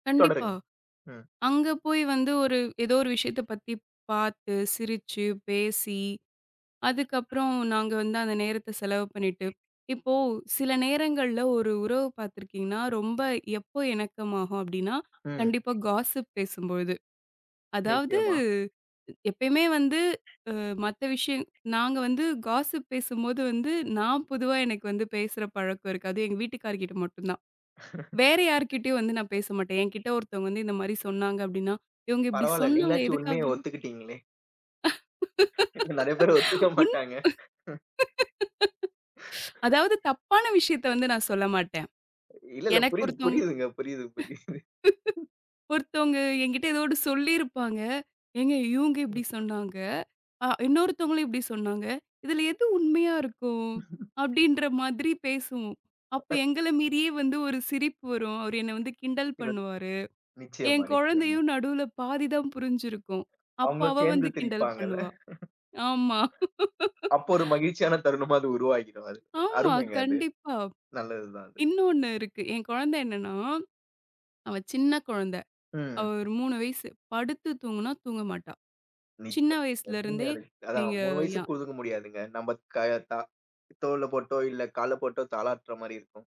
கண்டிப்பா. தொடருங்க. ம். அங்க போய் வந்து ஒரு ஏதோ ஒரு விஷயத்த பத்திப் பாத்து, சிரிச்சு, பேசி அதுக்கப்புறம் நாங்க வந்து அந்த நேரத்த செலவு பண்ணிட்டு, இப்போ சில நேரங்கள்ல ஒரு உறவு பார்த்துருக்கீங்கன்னா, ரொம்ப எப்போ இணக்கமாகும் அப்பிடின்னா, ம். கண்டிப்பா காஸ்ஸிப் பேசும்பொழுது. அதாவது நிச்சயமா. எப்பயுமே வந்து அ மத்த விஷயம் நாங்க வந்து காஸ்ஸிப் பேசும்போது வந்து, நான் பொதுவா எனக்கு வந்து பேசுற பழக்கம் இருக்காது. அது எங்க வீட்டுக்காருகிட்ட மட்டும் தான். வேற யார்க்கிட்டயும் வந்து நான் பேச மாட்டேன். என்கிட்ட ஒருத்தவுங்க வந்து இந்தமாரி சொன்னாங்க அப்பிடின்னா, இவுங்க இப்பிடி பரவால்ல, சொன்னாங்க நீங்களாச்சும் எதுக்காக? உண்மைய ஒத்துக்கிட்டீங்களே! நிறைய பேரு ஒத்துக்க உன் மாட்டாங்க. அதாவது தப்பான விஷயத்த வந்து நான் சொல்ல மாட்டேன். இல்லல்ல, எனக்கு புரியுது, ஒருத்தங் புரியுதுங்க. புரியுது, புரியுது. ஒருத்தவுங்க எங்கிட்ட ஏதோ 1 சொல்லியிருப்பாங்க. "ஏங்க! இவுங்க இப்பிடி சொன்னாங்க, அ இன்னொருத்தவங்களையும் இப்பிடி சொன்னாங்க. இதில எது உண்மையா இருக்கும்?" அப்பிடின்ற மாதிரி பேசுவோம். அப்ப [unintelligible] எங்கள மீறியே வந்து ஒரு சிரிப்பு வரும். அவரு என்ன வந்து கிண்டல் சிலது பண்ணுவாரு. ஏன் நிச்சயமா, நிச்சயமா. குழந்தையும் நடுவுல பாதி தான் புரிஞ்சுருக்கும். அப்ப அவுங்களும் அவ சேர்ந்து வந்து கிண்டல் திரிப்பாங்கள்ல பண்ணுவா! ஆமா அப்போ ஒரு மகிழ்ச்சியான தருணமா அது உருவாகிடும் அது, ஆமா. அருமைங்க அது, கண்டிப்பா. நல்லதுதான் அது. இன்னொன்னு இருக்கு. என் குழந்தை என்னன்னா, அவ சின்ன குழந்தை. அவ ம். ஒரு 3 வயசு. படுத்து தூங்குனா, தூங்க மாட்டா! சின்ன [unintelligible] வயசில எப்பிடிங்க இருந்தே அது? அதான் நீங்க 3 வயசுக்கு யா குடுத்துக்க முடியாதுங்க. நம்ம கய தா தோல்ல போட்டோ! இல்ல கால்ல போட்டோ! தாலாட்ற மாரி இருக்கும்.